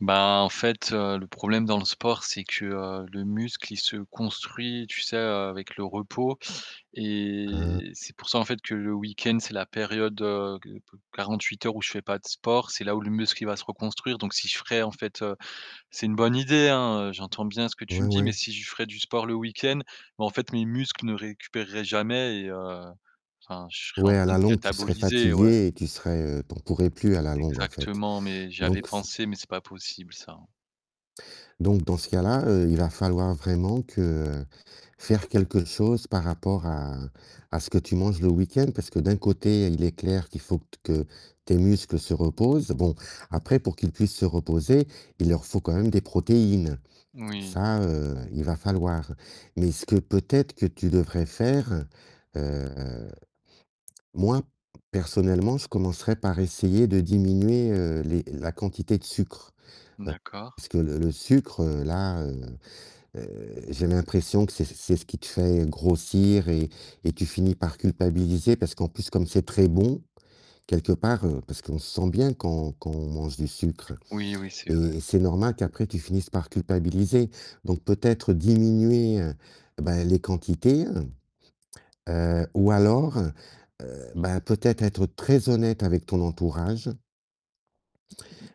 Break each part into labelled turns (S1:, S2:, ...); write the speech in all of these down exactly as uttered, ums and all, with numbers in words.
S1: Ben, en fait, le problème dans le sport, c'est que, heu, le muscle, il se construit, tu sais, avec le repos,
S2: Mmh mh.
S1: et c'est pour ça en fait que le week-end, c'est la période, heu, ge pe quarante-huit heures où je fais pas de sport. C'est là où le muscle, il va se reconstruire, donc si je ferais en fait, heu, c'est une bonne idée, hein, heu, j'entends bien ce que tu
S2: Ouais,
S1: me dis,
S2: ouais.
S1: mais si je ferais du sport le week-end, mais en fait, mes muscles ne récupéreraient jamais et heu, enfin, je serais en
S2: Ouais, à
S1: train
S2: la
S1: de
S2: longue, tu serais
S1: cataboliser, ouais.
S2: fatigué et tu serais, heu tu en pourrais plus à la longue en fait,
S1: Exactement, mais j'y avais
S2: donc c
S1: pensé, mais c'est pas possible ça, hein.
S2: donc dans ce cas-là, heu, il va falloir vraiment que faire quelque chose par rapport à à ce que tu manges le week-end, parce que d'un côté, il est clair qu'il faut que tes muscles se reposent. Bon, après pour qu'ils puissent se reposer, il leur faut quand même des protéines.
S1: Oui.
S2: Ça, heu, il va falloir, mais ce que peut-être que tu devrais faire, heu, moi personnellement, je commencerais par essayer de diminuer, heu, les la quantité de sucre, heu,
S1: D'accord.
S2: parce que le le sucre là, heu, j'ai l'impression que c'est c'est ce qui te fait grossir et et tu finis par culpabiliser, parce qu'en plus comme c'est très bon, quelque part parce qu'on se sent bien quand quand on mange du sucre
S1: Oui, oui. C'est vrai.
S2: et c'est normal qu'après tu finisses par culpabiliser, donc peut-être diminuer, heu, ben, les quantités, hem, heu, ou alors, heu, ben peut-être être très honnête avec ton entourage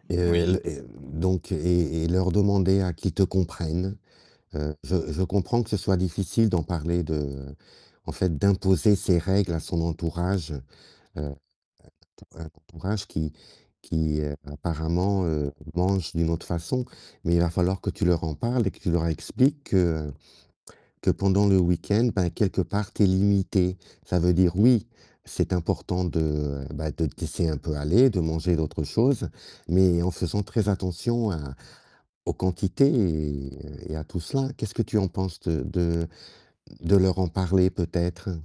S2: et heu et
S1: Oui.
S2: les et donc et et leur demander à qu'ils te comprennent. Heu, je je comprends que ce soit difficile d'en parler de en fait d'imposer ses règles à son entourage. Heu, un un entourage un entourage qui qui, heu, apparemment, heu, mange d'une autre façon, mais il va falloir que tu leur en parles et que tu leur expliques que que pendant le week-end, bah, quelque part tu es limité. Ça veut dire oui, c'est important de, bah, de te laisser un peu aller, de manger d'autres choses, mais en faisant très attention à aux quantités et et à tout cela. Qu'est-ce que tu en penses de de de leur en parler peut-être?